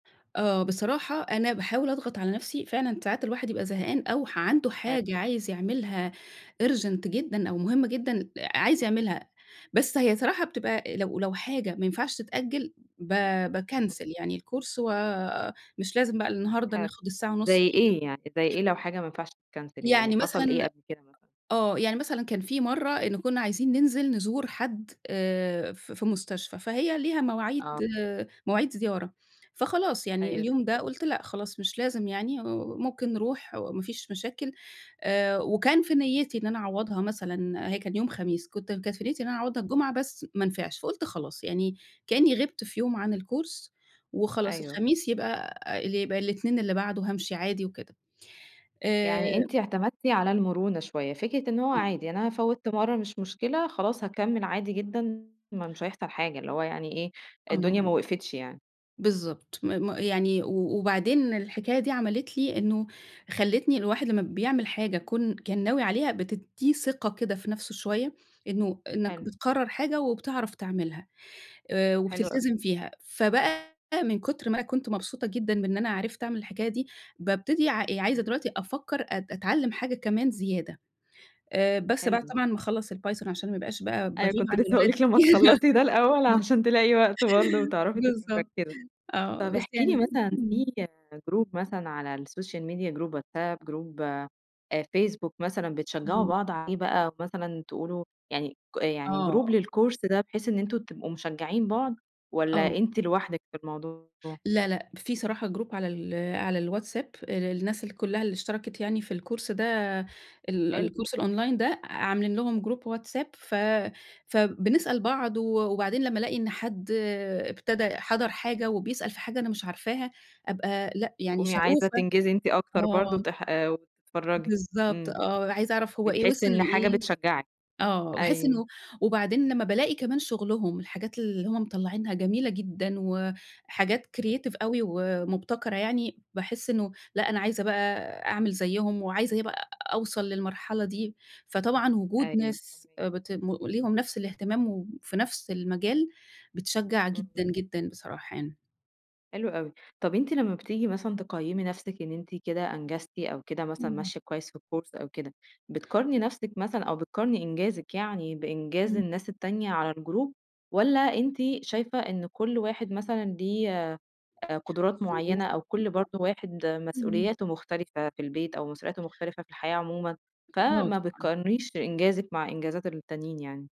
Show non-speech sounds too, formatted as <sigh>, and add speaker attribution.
Speaker 1: آه، بصراحة أنا باحاول أضغط على نفسي، فعلًا ساعات الواحد يبقى زهقان، أو ح عنده
Speaker 2: حلو.
Speaker 1: حاجة عايز يعملها Urgent جدًا أو مهمة جدًا، عايز
Speaker 2: امم.
Speaker 1: يعملها. بس هي صراحة بتبقى لو لو حاجة ما ينفعش تتأجل ب
Speaker 2: امم.
Speaker 1: باكنسل يعني الcourse ومش لازم بقى النهاردة
Speaker 2: حلو.
Speaker 1: ناخد الساعة ونُص
Speaker 2: زي
Speaker 1: دي.
Speaker 2: إيه يعني زي إيه لو حاجة ما ينفعش تتكنسل، يعني
Speaker 1: يعني مثلًا
Speaker 2: حصل إيه قبل كده مثلًا؟
Speaker 1: آه، يعني مثلًا كان في مرّة إن كنّا عايزين ننزل نزور حد آآ في في مستشفى، فهي ليها مواعيد
Speaker 2: آه.
Speaker 1: مواعيد زيارة، فخلاص يعني
Speaker 2: أيوه
Speaker 1: اليوم
Speaker 2: فاهم
Speaker 1: ده، قُلت لأ خلاص، مش لازم يعني، وممكن نروح، وما فيش مشاكل آآ وكان في نيّتي إن أنا أعوّضها مثلًا، هي كان يوم خميس، كُنت كانت في نيّتي إن أنا أعوّضها الجمعة، بس ما نفعش، فقُلت خلاص، يعني كأني غِبت في يوم عن الcourse وخلاص
Speaker 2: أيوه.
Speaker 1: الخميس يبقى اللي يبقى الاتنين اللي بعده هامشي عادي وكده. آآ
Speaker 2: يعني أنتِ اعتمدتِ على المرونة شوية، فكرة إن هو
Speaker 1: آه.
Speaker 2: عادي، "أنا فوّت مرّة، مش مشكلة، خلاص هاكمّل عادي جدًا، ما مش هيحصل حاجة" اللي هو يعني إيه، الدنيا ما
Speaker 1: آه.
Speaker 2: وقفتش يعني.
Speaker 1: بالضبط م م يعني و وبعدين الحكاية دي عملِت لي إنه خلِّتني الواحد لمّا بيعمل حاجة كون كان ناوي عليها، بتِدّيه ثقة كده في نفسه شويّة، إنه إنّك
Speaker 2: حلو.
Speaker 1: بتقرر حاجة، وبتعرف تعملها آآ
Speaker 2: حلو أوي.
Speaker 1: وبتلتزم فيها. فبقى من كُتر ما أنا كنت مبسوطة جدًا بإن أنا عرفت أعمل الحكاية دي بابتدي ع
Speaker 2: امم.
Speaker 1: عايزة دلوقتي أفكر أت أتعلم حاجة كمان زيادة. آآ بس بعد
Speaker 2: حلو.
Speaker 1: طبعًا ما أخلّص الPython عشان ما أبقاش بقى،
Speaker 2: أيوة
Speaker 1: باغيب
Speaker 2: كنت
Speaker 1: عن
Speaker 2: لسه هاقول
Speaker 1: الولاد
Speaker 2: لِك لمّا تخلّصي
Speaker 1: <chuckles>
Speaker 2: ده الأول،
Speaker 1: م <laughs>
Speaker 2: عشان تلاقي وقت برضه، وتعرفي تبقي
Speaker 1: بالضبط
Speaker 2: مركِّزة.
Speaker 1: <chuckles> آه
Speaker 2: طَب
Speaker 1: بس
Speaker 2: احكِ لي
Speaker 1: يعني.
Speaker 2: مثلًا، في
Speaker 1: إمم.
Speaker 2: Group مثلًا على الSocial Media Group WhatsApp Group آآ Facebook مثلًا بتشجعوا
Speaker 1: إمم.
Speaker 2: بعض عليه بقى، أو مثلًا تقولوا يعني ك يعني group
Speaker 1: آه.
Speaker 2: للcourse ده، بحيث إن أنتم تبقوا مشجعين بعض،
Speaker 1: آه.
Speaker 2: والَّا أنتِ لوحدِك في الموضوع؟
Speaker 1: لا، لأ. في صراحة Group على ال على الWhatsApp ال الناس كُلّها اللي اشتركِت يعني في الcourse ده ال
Speaker 2: حلو.
Speaker 1: الكورس الأونلاين ده، عاملين لهم Group WhatsApp ف فبنسأل بعض و وبعدين لمّا ألاقي إن حد ابتدا حَضَر حاجة وبيسأل في حاجة أنا مش عارفاها، أبقى لأ، يعني
Speaker 2: تقومي عايزة
Speaker 1: شغوفة
Speaker 2: تنجزي أنتِ أكتر برضه،
Speaker 1: آه.
Speaker 2: وتح آآ وتتفرجي
Speaker 1: بالضبط
Speaker 2: إمم.
Speaker 1: آه، عايزة أعرف هو إيه
Speaker 2: بتحسّي
Speaker 1: وِصل
Speaker 2: إن حاجة
Speaker 1: لإيه
Speaker 2: بتشجّعِك.
Speaker 1: آه باحس
Speaker 2: أيوه.
Speaker 1: إنه وبعدين لمّا بالاقي كمان شُغلهم الحاجات اللي هُم مطلّعينها جميلة جدًا، وحاجات creative أوي، ومبتكرة يعني، باحس إنه لأ أنا عايزة بقى أعمل زيُّهم، وعايزة إيه بقى أوصل للمرحلة دي، فطبعًا وجود
Speaker 2: أيوه،
Speaker 1: ناس
Speaker 2: فاهماكِ.
Speaker 1: بت ليهم نفس الاهتمام، وفي نفس المجال بتشجّع
Speaker 2: إمم.
Speaker 1: جدًا جدًا بصراحة يعني.
Speaker 2: حلو أوي. طَب أنتِ لمّا بتيجي مثلًا تقيّمي نفسِك إن أنتِ كده أنجزتِ، أو كده مثلًا
Speaker 1: إمم.
Speaker 2: ماشية كويس في الكورس، أو كده. بتقارني
Speaker 1: أ
Speaker 2: نفسِك مثلًا أو بتقارني إنجازِك يعني بإنجاز
Speaker 1: إمم.
Speaker 2: الناس التانية على الجروب، والَّا أنتِ شايفة إن كل واحد مثلًا ليه قُدرات
Speaker 1: ظروف
Speaker 2: معينة، أو كل
Speaker 1: <unintelligible>
Speaker 2: برضه واحد
Speaker 1: إمم.
Speaker 2: مسؤولياته مختلفة في البيت، أو مسؤولياته مختلفة في الحياة عمومًا،
Speaker 1: آه
Speaker 2: فما
Speaker 1: طبعًا.
Speaker 2: بتقارنيش إنجازِك مع إنجازات التانيين يعني؟